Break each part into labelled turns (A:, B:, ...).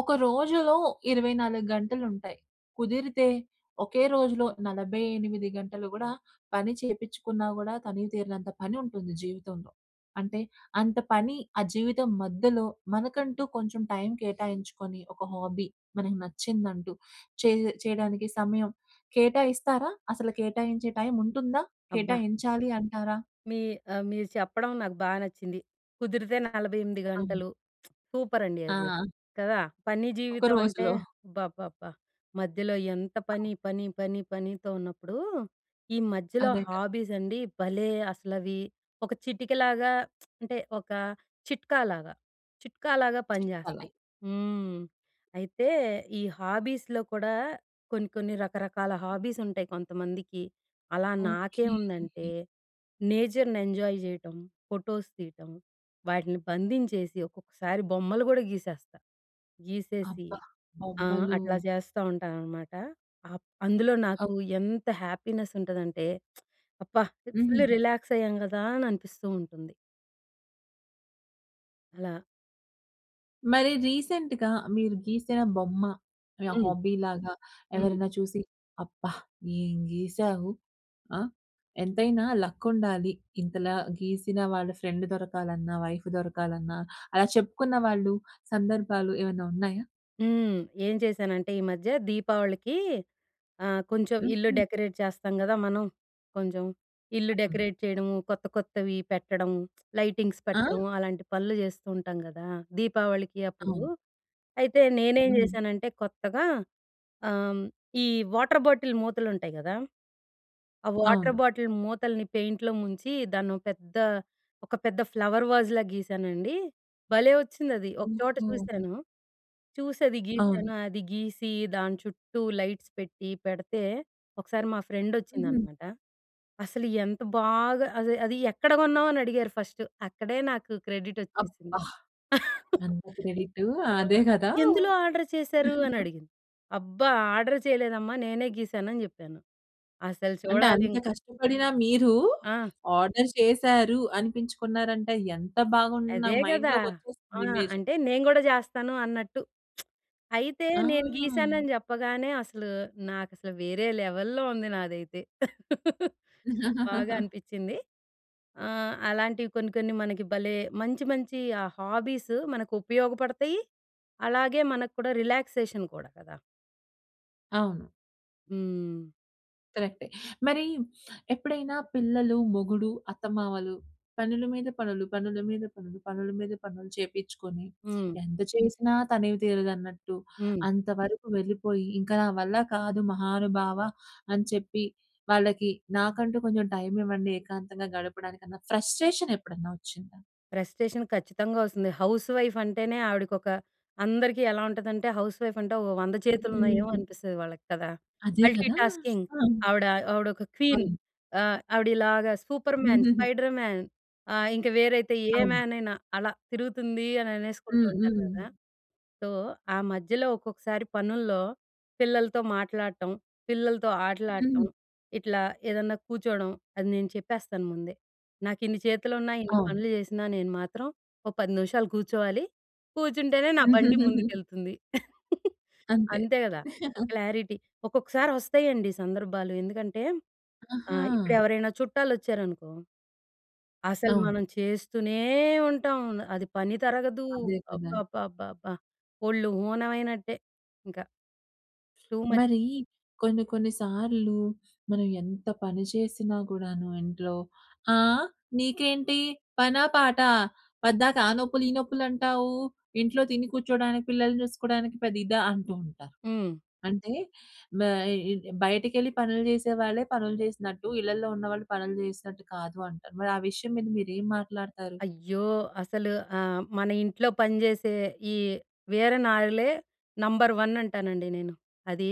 A: ఒక రోజులో 24 గంటలుంటాయి. కుదిరితే ఒకే రోజులో 48 గంటలు కూడా పని చేపిచ్చుకున్నా కూడా, తనివి తీరనంత పని ఉంటుంది జీవితంలో. అంటే అంత పని ఆ జీవితం మధ్యలో మనకంటూ కొంచెం టైం కేటాయించుకొని, ఒక హాబీ మనకు నచ్చిందంటూ చేయ్ చేయడానికి సమయం కేటాయిస్తారా? అసలు కేటాయించే టైం ఉంటుందా?
B: అబ్బా!
A: కేటాయించాలి అంటారా?
B: మీ ఆహ్, మీరు చెప్పడం నాకు బా నచ్చింది. కుదిరితే 48
A: అవును.
B: గంటలు సూపర్ అండి అది.
A: ఆ!
B: కదా! పని
A: ఒక
B: జీవితం అంటే
A: రోజులో.
B: అబ్బబ్బబ్బా మధ్యలో ఎంత
A: అవును.
B: పని, పని, పని, పనితో ఉన్నప్పుడు, ఈ మధ్యలో
A: అదే కదా!
B: హాబీస్ అండి భలే అసలవి ఒక చిటికలాగా అంటే ఒక చిట్కాలాగా, చిట్కాలాగా
A: చెప్పల
B: పనిజేస్తాయి. హ్మ్. అయితే ఈ హాబీస్‌లో కూడా కొన్ని కొన్ని రకరకాల హాబీస్ ఉంటాయి కొంతమందికి. అలా నాకేం
A: ఓకే.
B: ఉందంటే, నేచర్‍ని ఎంజాయ్ చేయటం. ఫోటోస్ తీయటం. వాటిని బంధించేసి, ఒక్కొక్కసారి బొమ్మలు కూడా గీసేస్తా. గీసేసి
A: అబ్బా!
B: ఆహ్,
A: బొమ్మలూ
B: అట్లా చేస్తా ఉంటాననమాట. అప్ అందులో
A: అ
B: నాకు ఎంత హ్యాపీనెస్ ఉంటదంటే, అబ్బా! ఫుల్
A: హుహు.
B: రిలాక్స్ అయ్యాం కదా! అని అనిపిస్తూ ఉంటుంది. అలా
A: మరి రీసెంట్‌గా మీరు గీసిన బొమ్మ. యాహ్!
B: హ్మ్.
A: హాబీ లాగా
B: హ్మ్.
A: ఎవరైనా చూసి, అబ్బా! ఏం గీసావు. ఆ! ఎంతైనా లక్ ఉండాలి, ఇంతలా గీసిన వాళ్ళ ఫ్రెండ్ దొరకాలన్నా, వైఫ్ దొరకాలన్నా. అలా చెప్పుకున్న వాళ్ళు సందర్భాలు ఏమన్నా ఉన్నాయా?
B: హ్మ్. ఏం చేశానంటే, ఈ మధ్య దీపావళికి ఆహ్, కొంచెం ఇల్లు
A: హుహు.
B: డెకరేట్ చేస్తాం గదా మనం. కొంచెం, ఇల్లు
A: అవును.
B: డెకరేట్ చేయడము, కొత్త, కొత్తవి పెట్టడము, లైటింగ్స్
A: ఆ?
B: పెట్టడము అలాంటి పనులు జెస్తూ ఉంటాం గదా! దీపావళికి అప్పుడూ.
A: అవును.
B: అయితే నేనేం
A: హ్మ్.
B: జెసానంటే కొత్తగా ఆహ్, హ్మ్, ఈ వాటర్ బాటిల్ మూతలు ఉంటయి గదా! ఆ వాటర్
A: అవును.
B: బాటిల్ మూతల్ని పెయింట్‌లో ముంచి, దాన్నో పెద్ద ఒక పెద్ద ఫ్లవర్ వాజ్‌లా గీసానండి, భలే ఒచ్చిందది. ఒక చోట
A: ఓహో!
B: చూసాను, చూసి అది
A: అవును.
B: గీసాను అది గీసి, దాన్చుట్టూ లైట్స్ పెట్టి, పెడితే ఒకసారి మా
A: హుహు.
B: ఫ్రెండొచ్చిందనమాట. అసలు ఎంత బాగా అది "అది ఎక్కడ గొన్నావు?" అని అడిగారు ఫస్ట్. అక్కడే నాకు క్రెడిడొచ్చేసింది.
A: అబ్బా! ఏంత క్రెడిటూ. ఆ!
B: ఆ!
A: అదే గదా!
B: "ఎందులో ఆర్డర్ చేసారు?" అని అడిగింది. అబ్బ! ఆర్డర్ చేయలేదమ్మా, నేనే గీసాను అని జెప్పాను. అసలు
A: అంటే
B: చూడాలి
A: అంత
B: ఇంక.
A: కష్టపడినా మీరు,
B: ఆ!
A: ఆర్డర్ చేశారు" అనిపించుకున్నారంటే ఎంత బాగున్ నా
B: అదే గదా! ఆ!
A: మైండ్‌లోకొచ్చేస్తుంది ఇమేజ్.
B: అంటే నేను గూడా జెస్తాను అన్నట్టు. అయితే, నేను
A: ఆ!
B: గీసానని జెప్పగానే అసలు నాకసలు వేరే లెవెల్‌ల్లో ఉంది నాదైతే. బాగా అనిపించింది. ఆహ్, అలాంటివి కొన్ని, కొన్ని మనకి భలే మంచి మంచి ఆ హాబీస్ మనకు ఉపయోగపడతయి, అలాగే మనక్కూడా రిలాక్సేషన్ కూడా కదా!
A: అవును.
B: హ్మ్.
A: కరెక్టే. మరీ ఎప్పుడైనా పిల్లలు, మొగుడు, అత్తమావలు, పనుల మీద పనులు, పనుల మీద పనులు, పనుల మీద పనులు చేపిచ్చుకొని,
B: హ్మ్.
A: ఎంత చేసినా తనివి తీరదన్నట్టు,
B: హ్మ్.
A: అంతవరకు వెళ్ళిపోయి, ఇంక నా వల్ల కాదు మహానుభావ అని చెప్పి వాళ్ళకి, నాకంటూ కొంచెం టైమివ్వండి ఏకాంతంగా గడపడానికన్నా, ఫ్రస్ట్రేషనెప్పుడన్నా ఒచ్చిందా?
B: ఫ్రెస్ట్‌రేషన్ ఖచ్చితంగా ఒస్తుంది. హౌస్‌వైఫంటేనే, ఆవిడకొక అందరికీ ఎలా ఉంటదంటే, హౌస్‌వైఫంటే ఓ 100 చేతులున్నాయేమో
A: హ్మ్.
B: అనిపిస్తది వాళ్ళకి కదా!
A: అదే కదా!
B: మల్టీటాస్కింగ్,
A: ఆ!
B: ఆవిడ ఆవిడొక క్వీన్.
A: అవును.
B: ఆహ్, ఆవిడిలాగా సూపర్‌మ్యాన్, స్పైడర్‌మ్యాన్ ఆహ్, ఇంక వేరైతే ఏ
A: అవునా?
B: మ్యానయినా అలా తిరుగుతుందీ అననేసుకుంటూ
A: హ్మ్.
B: ఉంటారు
A: హ్మ్.
B: గదా! సో, ఆ మధ్యలో ఒక్కొక్కసారి పనుల్లో పిల్లలతో మాట్లాడటం, పిల్లలతో
A: హ్మ్.
B: ఆటలాడటం, ఇట్లా ఏదన్నా కూచ్చోడం, అది నేను చెప్పేస్తాను ముందే. నాకిన్ని చేతులున్నా, ఇన్ని
A: అవును.
B: పనులు చేసినా, నేను మాత్రం ఓ 10 నిమిషాలు కూర్చోవాలి. కూచ్చుంటేనే నా బండి ముందుకెళుతుంది.
A: అంతే.
B: అంతే గదా! క్లారిటీ. ఒక్కొక్కసారొస్తాయండి సందర్భాలు, ఎందుకంటే
A: ఆహా!
B: ఆహ్, ఇప్పుడెవరైనా చుట్టాలొచ్చారనుకో, అసలు మనం
A: అవును.
B: చేస్తూనే ఉంటాం. న్ అది పని తరగదూ.
A: అదే కదా!
B: అబ్బబ్బబ్బబ్బా! ఒళ్ళు హూనవయినట్టే ఇంక. టూ మచ్
A: మరీ, కొన్ని కొన్ని సార్లు మనం ఎంత పని చేసినా కూడాను ఇంట్లో, "ఆ! నీకేంటి పనా పాటా? పద్దాక ఆ నొప్పులు, ఈ నొప్పులంటావూ. ఇంట్లో తిని కూర్చోడానికి, పిల్లల్ని చూసుకోడానికి పెద్ద ఇదా?" అంటూ ఉంటారు.
B: హ్మ్.
A: అంటే బ ఇ బయటకెళ్ళి పనులు జేసే వాళ్ళే పనులు జేసినట్టు, ఇళ్ళల్లో ఉన్నవాళ్ళు పనులు జేసినట్టు కాదు అంటారు. మరి ఆ విషయం మీద మీరేం మాట్లాడతారు?
B: అయ్యో! అసలు ఆహ్, మన ఇంట్లో పని జేసే, ఈ వీర నారులే నంబర్ వన్ అంటానండి నేను. అదీ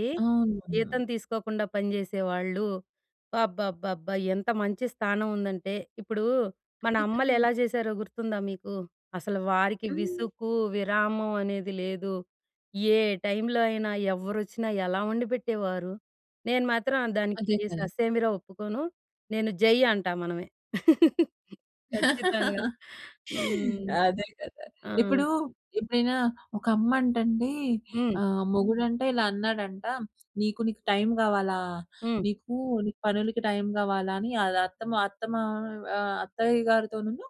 B: జీతం
A: అవును.
B: తీసుకోకుండా పని చేసే వాళ్ళు. అబ్బబ్బబ్బబ్బా! ఎంత మంచి స్థానం ఉందంటే, ఇప్పుడూ, మన
A: అదే కదా!
B: అమ్మలెలా చేశారో గుర్తుందా మీకు? అసలు వారికి
A: హ్మ్.
B: విసుకు, విరామం అనేది లేదు. ఏ టైంలో అయినా, ఎవ్వరొచ్చినా, ఎలా ఒండిపెట్టేవారు. నేను మాత్రం ఆహ్, దానికి
A: అదే కదా!
B: ససేమిరా ఒప్పుకోను. నేను జై అంటా మనమే. ఖచ్చితంగా. హ్మ్.
A: అదే కదా!
B: ఆ!
A: ఇప్పుడూ, ఎప్పుడైనా ఒక అమ్మంటండీ
B: హ్మ్.
A: ఆహ్, మొగుడంట ఇలా అన్నాడంట "నీకు, నీకు టైమ్ గావాలా?
B: హ్మ్.
A: నీకూ నీ పనులుకి టైమ్ గావాలా?" అని, అది అత్తమ అత్తమావ్ ఆహ్, అత్తయ్య గారితోనును,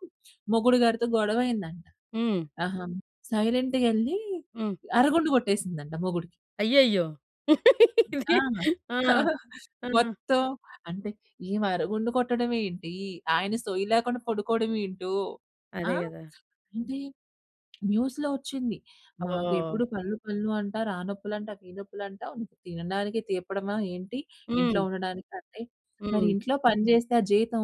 A: మొగుడు గారుతో గొడవయ్యిందంట.
B: హ్మ్.
A: ఆహా! సైలెంట్‌గెళ్ళి
B: హ్మ్.
A: అరుగుండు కొట్టేసిందంట మొగుడికి.
B: అయ్యయ్యో! ఇది.
A: ఆ!
B: ఆ! ఆ!
A: మొత్తం అంటే, ఈమె అరుగుండు కొట్టడమేంటి, ఆయన సోయి లేకుండా పడుకోడవేంటో. ఆ!
B: అదే గదా!
A: ఏంటి, న్యూస్‌లో ఒచ్చింది. "మాకు
B: ఓహ్!
A: ఎప్పుడు పనులు పనులు అంటారు. ఆ నొప్పులంటావు, ఈ నొప్పులంటావు. తినడానికి తీపడమా ఏంటి, ఇంట్లో
B: హ్మ్.
A: ఉండడానికి" అంటే, మరి
B: హ్మ్.
A: ఇంట్లో పని చేస్తే ఆ జీతం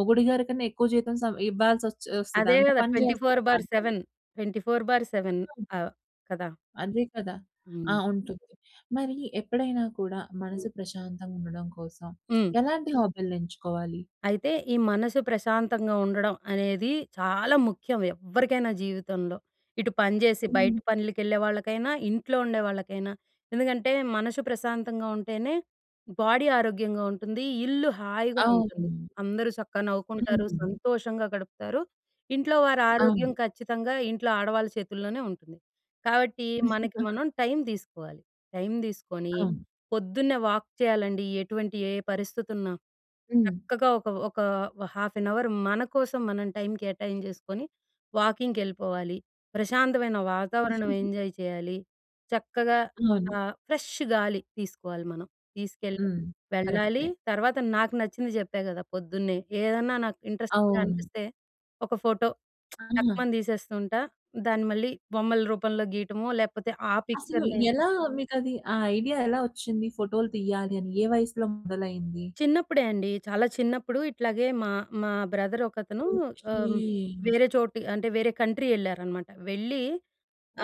A: మొగుడి గారికన్నా ఎక్కువ జీతం సం ఇవ్వాల్సొచ్చేస్తది.
B: అదే
A: అంత
B: గదా!
A: పని
B: ట్వంటీ ఫోర్
A: జేస్తారు
B: బై
A: ఆళ్ళు పని.
B: సెవెన్, 24/7.
A: ఆ!
B: ఆహ్, కదా!
A: అదే కదా!
B: హ్మ్.
A: ఆహ్, ఉంటుంది. మరీ, ఎప్పుడైనా కూడా
B: హ్మ్.
A: మనసు ప్రశాంతంగుండడం కోసం,
B: హ్మ్.
A: ఎలాంటి హాబీలని ఎంచుకోవాలి?
B: అయితే, ఈ మనసు ప్రశాంతంగా ఉండడం అనేది చాలా ముఖ్యం, ఎవ్వరికైనా జీవితంలో. ఇటు పని జేసి
A: హ్మ్.
B: బయట పనులకెళ్ళే వాళ్ళకైనా, ఇంట్లో ఉండే వాళ్ళకైనా. ఎందుకంటే, మనసు ప్రశాంతంగా ఉంటేనే, బాడీ ఆరోగ్యంగా ఉంటుంది, ఇల్లు హాయిగా ఉంటుంది.
A: అవును.
B: అందరూ చక్కగా నవ్వుకుంటారు,
A: హ్మ్.
B: సంతోషంగా గడుపుతారు. ఇంట్లో వారారోగ్యం
A: అవును.
B: ఖచ్చితంగా ఇంట్లో ఆడవాళ్ళు చేతుల్లోనే ఉంటుంది. కాబట్టి, మనకి మనం టైం దీసుకోవాలి. టైం దీసుకొని,
A: అవును.
B: పొద్దున్నే వాక్ చెయ్యాలండి. ఎటువంటి ఏ పరిస్థితున్నా.
A: హ్మ్.
B: చక్కగా ఒక ఒకా ఓ హాఫ్ ఎన్ అవరు మన కోసం మనం టైం కేటాయింజేసుకొని, వాకింగ్‌కెళ్ళిపోవాలి. ప్రశాంతమైన వాతావరణం ఎంజాయ్ చెయ్యాలి. చక్కగా
A: అవును.
B: ఆహ్, ఫ్రెష్ష్ గాలి తీసుకోవాలి మనం, తీసుకెళ్ళ
A: హ్మ్.
B: వెళ్ళాలి.
A: కరక్టే.
B: తర్వాత, నాకు నచ్చింది జెప్పా గదా పొద్దున్నే. ఏదన్నా నాకు ఇంట్రస్ట్‌గా
A: అవును.
B: అనిపిస్తే, ఒక ఫోటో
A: ఆ!
B: టక్‌మని తీసేస్తూ ఉంటా. దాన్ని మళ్ళీ, బొమ్మల రూపంలో గీటమో, లేకపోతే ఆ
A: అసలు
B: పిక్చర్‍నే
A: ఎలా మీకది, ఆ ఐడియా ఎలా ఒచ్చింది? ఫోటోలు తియ్యాలి అని, ఏ వయసులో మొదలైంది?
B: చిన్నప్పుడే అండి. చాలా చిన్నప్పుడు ఇట్లాగే మా మా బ్రదరొకతనూ ఆహ్,
A: ఓకే.
B: వేరే చోటి అంటే, వేరే కంట్రీ యెళ్ళారనమాట. వెళ్ళి,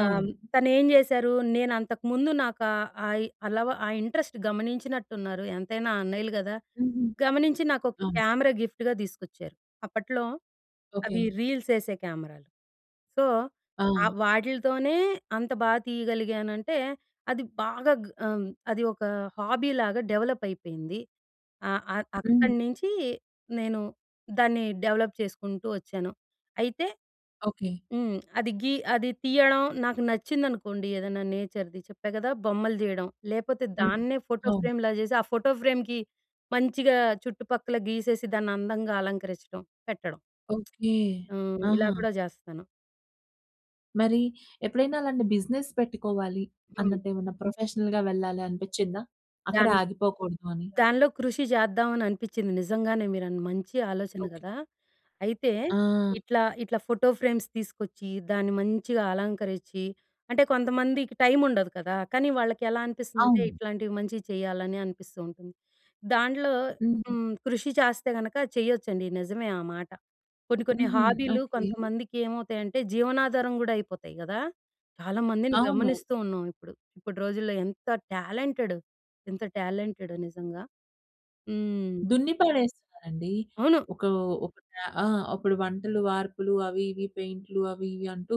B: ఆహ్,
A: అవును.
B: తనేం జేశారు, నేనంతకుముందు నాకా, ఆయి అలవ ఆ ఇంట్రస్ట్ గమనించినట్టున్నారు. ఎంతైనా అన్నయ్యలు గదా!
A: హుహు.
B: గమనించి నాకొక
A: అవును.
B: కేమెరా గిఫ్ట్‌గా దీసుకొచ్చారు. అప్పట్లో అవి
A: ఓకే.
B: రీల్సేసే కేమెరాలు. సో,
A: ఆ!
B: ఆహ్, వాటిలితోనే అంత బా తీయగలిగానంటే, అది బాగా గ్ ఆహ్, అది ఒక హాబీలాగా డెవలప్పయిపోయింది. ఆహ్, ఆహ్, అక్కడ
A: హ్మ్.
B: నించీ నేను దాన్ని డెవలప్ చేసుకుంటూ ఒచ్చాను. అయితే
A: ఓకే.
B: హ్మ్. అది గీ అది తీయడం నాకు నచ్చిందనుకోండి, ఏదన్నా నేచర్‌ది, చెప్పా గదా! బొమ్మలు తీయడం, లేపోతే
A: హ్మ్.
B: దాన్నే ఫోటో
A: అవును.
B: ఫ్రేమ్‌లా జేసి, ఆ ఫోటో ఫ్రేమ్‌కి మంచిగా చుట్టుపక్కల గీసేసి, దాన్నందంగా అలంకరిచ్చటం, పెట్టడం.
A: ఓకే.
B: హ్మ్. ఇలా
A: ఆహా!
B: కూడా జేస్తాను.
A: మరి ఎప్పుడైనా అలాంటి బిజినెస్ పెట్టుకోవాలి
B: హ్మ్.
A: అన్నట్టు ఏమన్నా ప్రొఫెషనల్‌గా వెళ్ళాలనిపిచ్చిందా? అక్కడే
B: దాని
A: ఆగిపోకూడదు అని.
B: దానిలో కృషి చేద్దామని అనిపించింది. నిజంగానే మీరు అన్ మంచి ఆలోచన
A: ఓకె.
B: గదా. అయితే
A: ఆ!
B: ఇట్లా, ఇట్లా ఫోటో ఫ్రేమ్స్ తీసుకొచ్చి దాన్ని మంచిగ అలంకరించి, అంటే కొంతమందికి టైం ఉండదు కదా. కానీ వాళ్ళకి ఎలా అనిపిస్తుందంటే
A: అవును.
B: ఇట్లాంటివి మంచివి చేయాలని అనిపిస్తూ ఉంటుంది. దాంన్లో,
A: హ్మ్.
B: హ్మ్, కృషి చేస్తే గనక చేయొచ్చండి, నిజమే ఆ మాట. కొన్ని కొన్ని
A: హుహు.
B: హాబీలు
A: ఓకె.
B: కొంతమందికి ఏమవుతాయి అంటే జీవనాధారం కూడా అయిపోతాయి గదా! చాలా మందిని
A: అవును.
B: గమనిస్తూ ఉన్నాం ఇప్పుడు. ఇప్పటి రోజుల్లో ఎంత టాలెంటెడ్ ఎంత టాలెంటెడ్. నిజంగా హ్మ్.
A: దున్ని పడేస్తున్నారండి.
B: అవును.
A: ఒక, ఒక టా ఆ! అప్పుడు వంటలు, వార్పులు అవి ఇవి పెయింట్‌లు అవి ఇవి అంటూ,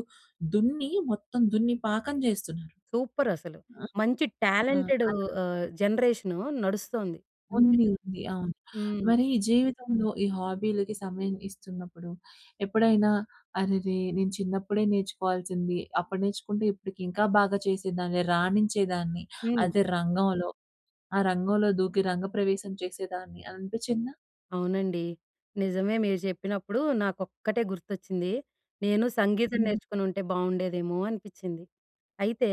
A: దున్ని మొత్తం దున్ని పాకం చేస్తున్నారు.
B: సూపర్ అసలు. మంచి
A: ఆ!
B: టాలెంటెడు
A: అలా.
B: ఆహ్, జనరేషనూ నడుస్తోంది.
A: ఉంది ఉంది. అవును.
B: హ్మ్.
A: మరి జీవితంలో ఈ హాబీలకి సమయం ఇస్తున్నప్పుడు, ఎప్పుడైనా, "అరెరే! నేను చిన్నప్పుడే నేర్చుకోవాల్సింది. అప్పుడు నేర్చుకుంటే ఇప్పటికి ఇంకా బాగా చేసేదాన్ని, రాణించేదాన్ని
B: హ్మ్.
A: అదే రంగంలో. ఆ రంగంలో దూకి రంగప్రవేశం చేసేదాన్ని" అని అనిపించిందా?
B: అవునండి. నిజమే మీరు చెప్పినప్పుడు నాకొక్కటే గుర్తొచ్చింది. నేను సంగీతం
A: హుహు.
B: నేర్చుకుని ఉంటే బావుండేదేమో అనిపించింది. అయితే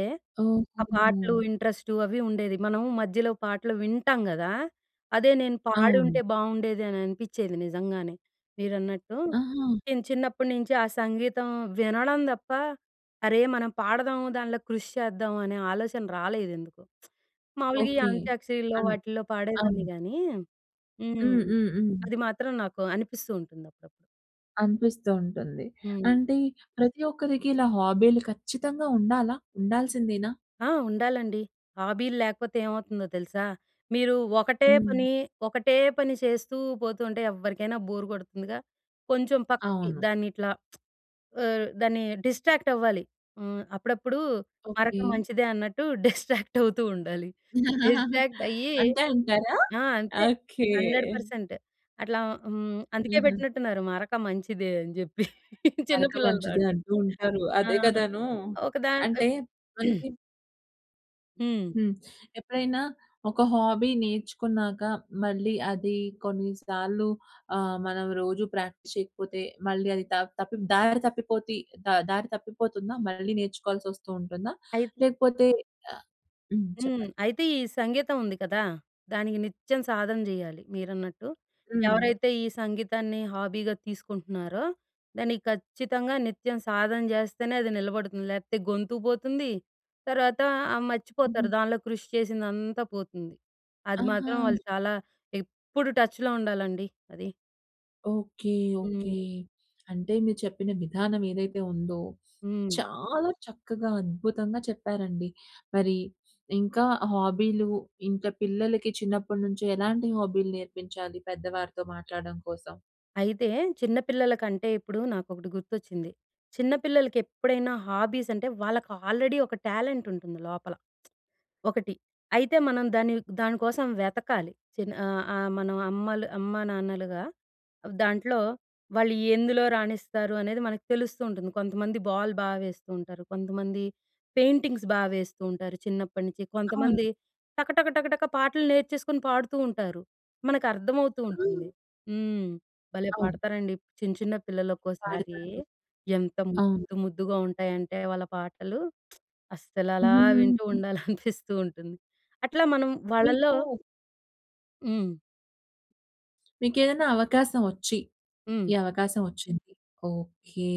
B: ఆ పాటలు
A: ఓహోహో!
B: ఇంట్రెస్టు అవి ఉండేది. మనం మధ్యలో పాటలు వింటాం గదా! అదే నేను పాడి ఉంటే
A: అవును.
B: బావుండేది అని అనిపించేది నిజంగానే మీరన్నట్టు.
A: ఆహా!
B: నేను చిన్నప్పటి నుంచి ఆ సంగీతం వినడం తప్ప, అరే! మనం పాడదాం దాంట్లో కృషి చేద్దాం అనే ఆలోచన రాలేదు ఎందుకో. మామూలుగా ఈ
A: ఓకే.
B: అంత్యాక్షరిల్లో
A: అన్
B: వాటిల్లో పాడేదాన్ని
A: అవును.
B: గాని హ్మ్.
A: హ్మ్. హ్మ్. హ్మ్.
B: అది మాత్రం నాకు అనిపిస్తూ ఉంటుంది అప్పుడప్పుడు.
A: అనిపిస్తూ ఉంటుంది.
B: హ్మ్.
A: అంటే ప్రతి ఒక్కరికి ఇలా హాబీ‌లు ఖచ్చితంగా ఉండాలా? ఉండాల్సిందేనా?
B: ఆ! ఉండాలండి. హాబీలు లేకపోతే ఏమవుతుందో తెలుసా. మీరు ఒకటే
A: హ్మ్.
B: పని ఒకటే పని చేస్తూ పోతూ ఉంటే ఎవ్వరికైనా బోర్ కొడుతుందిగా. కొంచెం పక్కకి
A: అవును.
B: దాన్ని ఇట్లా ఆహ్, దాన్ని డిస్ట్రాక్ట్ అవ్వాలి. హ్మ్. అప్పుడప్పుడు
A: ఓకే.
B: మరక మంచిదే అన్నట్టు డిస్ట్రాక్ట్ అవుతూ ఉండాలి. డిస్ట్రాక్ట్ అయ్యి.
A: అంతే అంటారా?
B: ఆ! అంటే
A: ఓకే.
B: 100% అట్లా హ్మ్, అందుకే
A: ఆహ!
B: పెట్టినట్టు ఉన్నారు మరక మంచిదే అని చెప్పి.
A: మరక
B: చిన్నపిల్లల
A: మంచిది
B: దాటి.
A: అంటూ ఉంటారు.
B: ఆ!
A: అదే కదానూ!
B: ఒక దాన్
A: అంటే
B: ఇప్
A: మనకి
B: హ్మ్.
A: హ్మ్. ఎప్పుడైనా ఒక హాబీ నేర్చుకున్నాక మళ్ళీ అది కొన్ని సార్లు ఆహ్, మనం రోజు ప్రాక్టీస్ చేయకపోతే మళ్ళీ అది దా తప్పిపోతే దారి తప్పిపోతి ఆహ్, దారి తప్పిపోతుందా? మళ్ళీ నేర్చుకోవాల్సి వస్తూ ఉంటుందా?
B: అయితే
A: లేకపోతే ఆ! హ్మ్.
B: హ్మ్.
A: చెప్పండి.
B: అయితే ఈ సంగీతం ఉంది కదా! దానికి నిత్యం సాధన చేయాలి మీరన్నట్టు.
A: హ్మ్.
B: ఎవరైతే ఈ సంగీతాన్ని హాబీగా తీసుకుంటున్నారో దానికి ఖచ్చితంగా నిత్యం సాధన చేస్తేనే అది నిలబడుతుంది. లేకపోతే గొంతు పోతుంది, తర్వాత ఆ! మర్చిపోతారు
A: హుహు.
B: దాన్లో కృషి చేసిందంతా పోతుంది. అది
A: ఆహా!
B: మాత్రం వాళ్ళు చాలా ఎప్పుడు టచ్‌లో ఉండాలండి అది.
A: ఓకె. ఓకె.
B: హ్మ్.
A: అంటే మీరు చెప్పిన విధానం ఏదైతే ఉందో
B: హ్మ్.
A: చాలా చక్కగా అద్భుతంగా చెప్పారండి. మరి ఇంకా హాబీలు ఇంకా పిల్లలకి చిన్నప్పటినుంచి ఎలాంటి హాబీ‌లు నేర్పించాలి? పెద్దవారితో మాట్లాడడం కోసం.
B: అయితే చిన్న పిల్లలకంటే ఇప్పుడు నాకొకటి గుర్తొచ్చింది. చిన్న పిల్లలకి ఎప్పుడైనా హాబీస్ అంటే వాళ్ళకి ఆల్రెడీ ఒక టాలెంట్ ఉంటుంది లోపల. ఒకటి అయితే మనం దాన్ని దానికోసం వెతకాలి. చిన్న ఆ! ఆ! మన అమ్మలు అమ్మా నాన్నలుగా దాంట్లో వాళ్ళు ఎందులో రాణిస్తారు అనేది మనకు తెలుస్తూ ఉంటుంది. కొంతమంది బాల్ బా వేస్తూ ఉంటారు, కొంతమంది పెయింటింగ్స్ బా వేస్తూ ఉంటారు. చిన్నప్పటినుంచి,
A: అవును.
B: కొంతమంది టకటక, టకటక పాటలు నేర్చేసుకొని పాడుతూ ఉంటారు. మనకు అర్థమవుతూ ఉంటుంది.
A: ఆ!
B: హ్మ్. భలే
A: అవును.
B: పాడతారండి చిన్న, చిన్న పిల్లలు ఒక్కోసారి.
A: వాడతారు.
B: ఎంత
A: అవును.
B: ముద్దు, ముద్దుగా ఉంటాయంటే వాళ్ళ పాటలు, అస్సల అలా వింటూ
A: హ్మ్.
B: ఉండాలని అనిపిస్తూ ఉంటుంది. అట్లా మనం
A: మీకు
B: వాళ్ళలో హ్మ్.
A: మీకేదనా అవకాశం ఒచ్చి
B: హ్మ్.
A: ఈ అవకాశం ఒచ్చింది. ఓకే!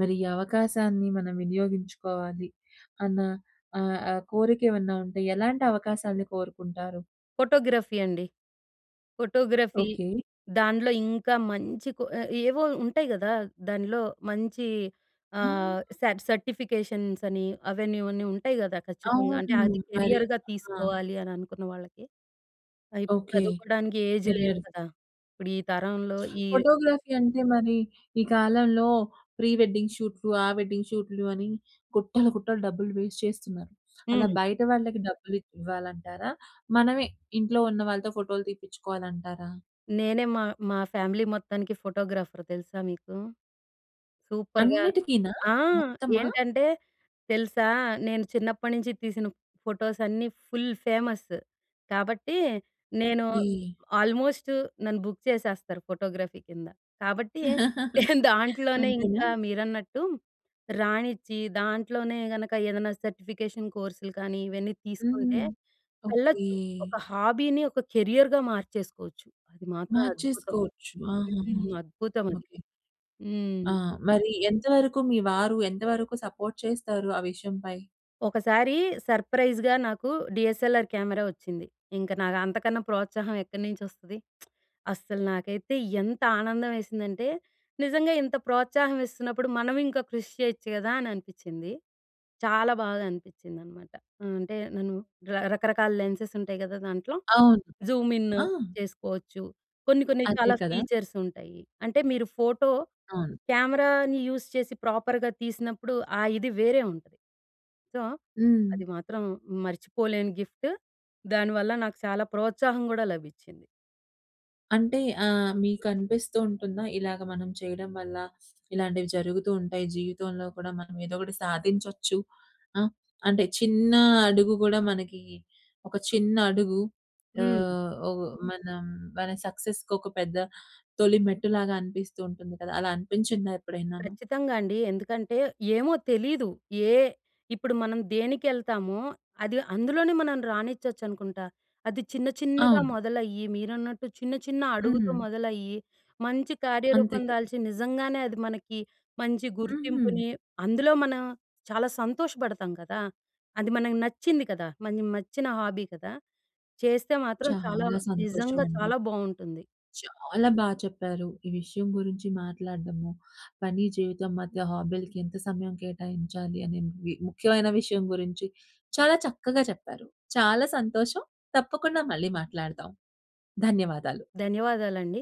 A: మరి ఈ అవకాశాన్ని మనం వినియోగించుకోవాలి అన్న ఆహ్, ఆ కోరిక ఏమన్నా ఉంటే ఎలాంటి అవకాశాన్ని కోరుకుంటారు?
B: ఫోటోగ్రఫీ అండి. Photography
A: okay.
B: దాంట్లో ఇంకా మంచి కొ ఎ ఏవో ఉంటాయి గదా! దానిలో మంచి ఆహ్,
A: ఆ!
B: స సర్టిఫికేషన్స్ అని అవన్నీ ఇవన్నీ ఉంటాయి కదా ఖచ్చితంగా. అంటే
A: అవును
B: అది
A: మరి,
B: కెరియర్‌గా
A: ఆ!
B: తీసుకోవాలి అని అనుకున్న వాళ్ళకి. ఆ ఇప్పుడు
A: ఓకె.
B: చదువుకోడానికి ఏజ్ లేదు
A: కెరియర్
B: కదా! ఇప్పుడు ఈ తరంలో ఈ రె
A: ఫోటోగ్రఫీ అంటే మరి ఈ కాలంలో ప్రీ వెడ్డింగ్ షూట్‌లు, ఆ వెడ్డింగ్ షూట్‌లు అని గుట్టలు గుట్టలు డబ్బులు వేస్ట్ చేస్తున్నారు. అలా
B: హ్మ్.
A: బయట వాళ్ళకి డబ్బులు ఇవ్వాలంటారా? మనమే ఇంట్లో ఉన్న వాళ్ళతో ఫోటోలు తీపిచుకోవాలంటారా?
B: నేనే మా, మా ఫ్యామిలీ మొత్తానికి ఫోటోగ్రాఫర్ తెలుసా మీకు? సూపర్‌గా
A: అన్నిటికినా?
B: ఆ!
A: మొత్తమా?
B: ఏంటంటే తెలుసా నేను చిన్నప్పటి నుంచి తీసిన ఫోటోస్ అన్నీ ఫుల్ ఫేమస్. కాబట్టి నేను
A: ఓకే!
B: ఆల్మోస్ట్ నన్ను బుక్ చేసేస్తారు ఫోటోగ్రఫీ కింద. కాబట్టి నేను దాంట్లోనే
A: అంతేనా?
B: ఇంకా మీరన్నట్టు రానిచ్చి దాంట్లోనే గనక ఏదన్నా సర్టిఫికేషన్ కోర్సులు కానీ ఇవన్నీ తీసుకుంటే
A: హ్మ్, ఓకే.
B: వెళ్ళొచ్చు ఒక హాబీని ఒక కెరియర్‌గా మార్చేసుకోవచ్చు. అది మాత్రం అద్భుతం.
A: మార్చేసుకోవచ్చు. ఆహాహా!
B: హ్మ్, అద్భుతం అది.
A: ఓకె ఆ!
B: హ్మ్.
A: మరి ఎంత వరకు మీ వారు ఎంతవరకు సపోర్ట్ చేస్తారు ఆ విషయంపై?
B: ఒకసారి సర్ప్రైజ్‍గా నాకు డీఎస్ఎల్ఆర్ కెమెరా వచ్చింది. ఇంక నాకు అంతకన్నా ప్రోత్సాహం ఎక్కడి నుంచి వస్తది. అస్సలు నాకైతే ఎంత ఆనందం వేసిందంటే నిజంగా ఇంత ప్రోత్సాహం ఇస్తున్నప్పుడు మనం ఇంకా కృషి చేయొచ్చు కదా! అని అనిపిచ్చింది. చాలా బాగా అనిపిచ్చింది అనమాట. అంటే నన్ను రకరకాల లెన్సెస్ ఉంటాయి కదా! దాంట్లో.
A: అవును.
B: జూమిన్
A: ఆ!
B: చేసుకోవచ్చు. కొన్ని కొన్ని
A: అదే
B: చాలా
A: కదా!
B: ఫీచర్స్ ఉంటాయి. అంటే మీరు ఫోటో
A: అవును.
B: కెమెరాని యూస్ చేసి ప్రాపర్‌గా తీసినప్పుడు ఆ ఇది వేరే ఉంటది. సో
A: హ్మ్.
B: అది మాత్రం మర్చిపోలేని గిఫ్టు. దానివల్ల నాకు చాలా ప్రోత్సాహం కూడా లభిచ్చింది.
A: అంటే ఆహ్, మీకనిపిస్తూ ఉంటుందా? ఇలాగ మనం చేయడం వల్ల ఇలాంటివి జరుగుతూ ఉంటాయి. జీవితంలో కూడా మనం ఏదో ఒకటి సాధించొచ్చు ఆ! అంటే చిన్న అడుగు గూడా మనకి ఒక చిన్న అడుగు
B: హ్మ్.
A: ఆహ్, ఒక మనం మన సక్సెస్‌కి ఒక పెద్ద తొలి మెట్టులాగా అనిపిస్తూ ఉంటుంది కదా! అలా అనిపించిందా ఎప్పుడైనా?
B: ఖచ్చితంగా అండి. ఎందుకంటే ఏమో తెలీదు. ఏ ఇప్పుడు మనం దేనికెళ్తామో అది అందులోనే మనం రాణిచ్చొచ్చు అనుకుంటా. అది చిన్న, చిన్నగా
A: అవును.
B: మొదలయ్యి మీరన్నట్టు చిన్న, చిన్న అడుగుతో
A: హ్మ్.
B: మొదలయ్యి మంచి
A: అంతే
B: కార్యరూపం
A: కదా!
B: దాల్చి నిజంగానే అది మనకి మంచి
A: ఉహూ.
B: గుర్తింపుని అందులో మనం చాలా సంతోషపడతాం కదా! అది మనకు నచ్చింది కదా! మన మెచ్చిన హాబీ కదా! చేస్తే మాత్రం చాలా
A: చాలా సంతోషం
B: నిజంగా
A: అండి.
B: చాలా బావుంటుంది.
A: చాలా బా చెప్పారు. ఈ విషయం గురించి మాట్లాడడము పని జీవితం మధ్య హాబీ‌లకీ ఎంత సమయం కేటాయించాలి. అనేవి ముఖ్యమైన విషయం గురించి చాలా చక్కగా చెప్పారు. చాలా సంతోషం తప్పకుండా మళ్ళీ మాట్లాడదాం. ధన్యవాదాలు.
B: ధన్యవాదాలండి.